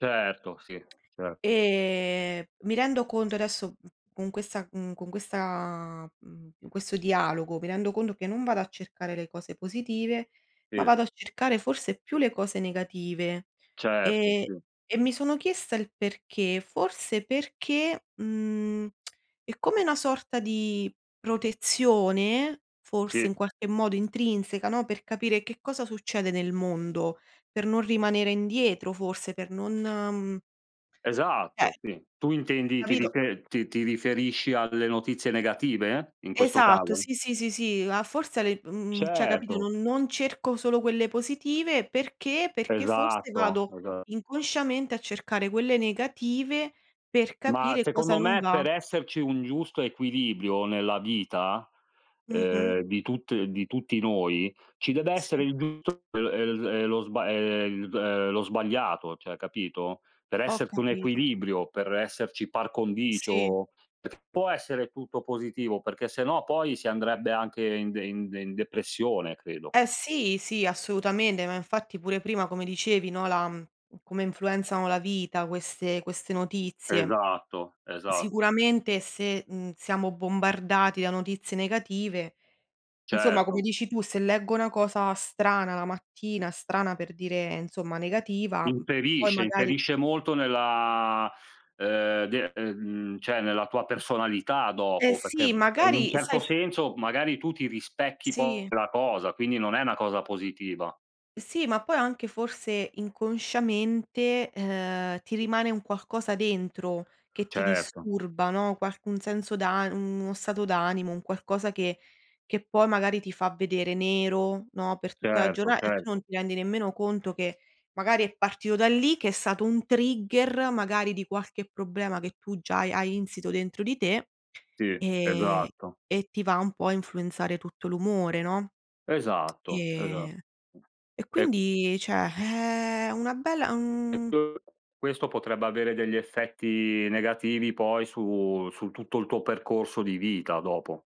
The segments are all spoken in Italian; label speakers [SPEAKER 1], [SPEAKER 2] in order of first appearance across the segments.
[SPEAKER 1] Certo, sì, certo.
[SPEAKER 2] Ehm, mi rendo conto, adesso, mhmm, con questa mhmm, con questa mhmm, in questo dialogo, mi rendo conto che non vado a cercare le cose positive, ma
[SPEAKER 1] Sì.
[SPEAKER 2] vado a cercare forse più le cose negative.
[SPEAKER 1] Certo,
[SPEAKER 2] E
[SPEAKER 1] sì.
[SPEAKER 2] e mi sono chiesta il perché, forse perché, mhmm, è come una sorta di protezione, forse,
[SPEAKER 1] Sì.
[SPEAKER 2] in qualche modo intrinseca, no, per capire che cosa succede nel mondo, per non rimanere indietro, forse, per non Eh.
[SPEAKER 1] Esatto, sì. Tu intendi, ti
[SPEAKER 2] Capito
[SPEAKER 1] rife ti ti riferisci alle notizie negative in questo
[SPEAKER 2] Esatto,
[SPEAKER 1] caso?
[SPEAKER 2] sì, sì, sì, sì. A forse a le mhmm, cioè, capito,
[SPEAKER 1] Certo.
[SPEAKER 2] non non cerco solo quelle positive, perché, perché forse
[SPEAKER 1] Esatto,
[SPEAKER 2] vado
[SPEAKER 1] esa
[SPEAKER 2] inconsciamente, a cercare quelle negative per
[SPEAKER 1] Ma,
[SPEAKER 2] capire cosa
[SPEAKER 1] secondo
[SPEAKER 2] non
[SPEAKER 1] me
[SPEAKER 2] va.
[SPEAKER 1] per esserci un giusto equilibrio, nella vita,
[SPEAKER 2] Mh-mh.
[SPEAKER 1] ehm, di tutt di tutti noi, ci dev'essere
[SPEAKER 2] Sì.
[SPEAKER 1] il giusto e l e l e l [unintelligible] uhm, lo sbagliato, cioè capito? Per
[SPEAKER 2] Ho
[SPEAKER 1] esserci un
[SPEAKER 2] capito.
[SPEAKER 1] equilibrio, per esserci par
[SPEAKER 2] Sì.
[SPEAKER 1] condicio. Può essere tutto positivo, perché se no poi si andrebbe anche in de in de in depressione, credo.
[SPEAKER 2] Eh, sì, sì, assolutamente. Ma infatti pure prima, come dicevi, no, la mhmm, come influenzano la vita queste queste notizie.
[SPEAKER 1] Esatto, esa
[SPEAKER 2] Sicuramente se, mhmm, siamo bombardati da notizie negative, insomma come
[SPEAKER 1] Certo.
[SPEAKER 2] dici tu, se leggo una cosa strana la mattina strana per dire, insomma, negativa, mhmm, poi
[SPEAKER 1] Inferisce,
[SPEAKER 2] magari
[SPEAKER 1] inferisce molto nella, uhm, de ehm, mhmm, cioè, nella tua personalità
[SPEAKER 2] Eh,
[SPEAKER 1] dopo, perché
[SPEAKER 2] sì,
[SPEAKER 1] p è in un
[SPEAKER 2] magari sai
[SPEAKER 1] certo
[SPEAKER 2] f
[SPEAKER 1] senso, magari tu ti rispecchi poi
[SPEAKER 2] Sì.
[SPEAKER 1] quella cosa, quindi non è una cosa positiva.
[SPEAKER 2] Sì, ma poi anche forse inconsciamente, uhm, ti rimane un qualcosa dentro che ti
[SPEAKER 1] Certo.
[SPEAKER 2] disturba, no, qualc un senso d'an mhmm, uno stato d'animo, un qualcosa che che poi magari ti fa vedere nero, no, per tutta la
[SPEAKER 1] Certo,
[SPEAKER 2] giorna e tu non
[SPEAKER 1] certo.
[SPEAKER 2] ti rendi nemmeno conto che magari è partito da lì, che è stato un trigger magari di qualche problema, che tu già hai hai insito dentro di te,
[SPEAKER 1] Sì,
[SPEAKER 2] ehm,
[SPEAKER 1] esatto.
[SPEAKER 2] e ti va un po' a influenzare tutto l'umore, no,
[SPEAKER 1] Esatto, esa
[SPEAKER 2] e e
[SPEAKER 1] E
[SPEAKER 2] quindi, cioè, è una bella un
[SPEAKER 1] [unintelligible] questo potrebbe avere degli effetti negativi, poi su su tutto il tuo percorso di vita dopo.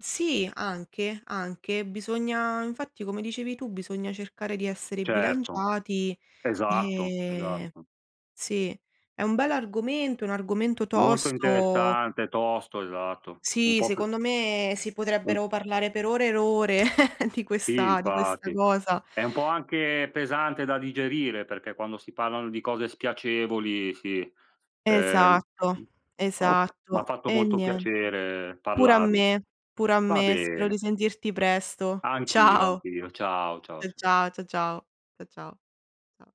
[SPEAKER 2] Sì, anche, anche. Bisogna infatti, come dicevi tu, bisogna cercare di essere
[SPEAKER 1] Certo.
[SPEAKER 2] bilanciati.
[SPEAKER 1] Esatto,
[SPEAKER 2] E,
[SPEAKER 1] esatto.
[SPEAKER 2] sì. È un bell'argomento, un argomento
[SPEAKER 1] Molto
[SPEAKER 2] tosto.
[SPEAKER 1] interessante, tosto, esatto. Un
[SPEAKER 2] Sì,
[SPEAKER 1] po' p
[SPEAKER 2] secondo me si
[SPEAKER 1] Un
[SPEAKER 2] potrebbero parlare per ore e r ore di
[SPEAKER 1] Sì,
[SPEAKER 2] questa di questa
[SPEAKER 1] infatti.
[SPEAKER 2] cosa.
[SPEAKER 1] È un po' anche pesante da digerire, perché quando si parlano di cose spiacevoli sì. Ehm,
[SPEAKER 2] Esatto,
[SPEAKER 1] mhmm, ok m'ha
[SPEAKER 2] esatto.
[SPEAKER 1] fatto
[SPEAKER 2] E
[SPEAKER 1] molto
[SPEAKER 2] nie
[SPEAKER 1] piacere
[SPEAKER 2] pure a
[SPEAKER 1] parlarne.
[SPEAKER 2] me, pure a
[SPEAKER 1] Va
[SPEAKER 2] me. Spero
[SPEAKER 1] bene.
[SPEAKER 2] di sentirti presto.
[SPEAKER 1] Anch'io,
[SPEAKER 2] Ciao.
[SPEAKER 1] anch'io. Ciao, ciao,
[SPEAKER 2] Cia
[SPEAKER 1] ciao.
[SPEAKER 2] ciao, cia ciao, cia ciao. Ciao.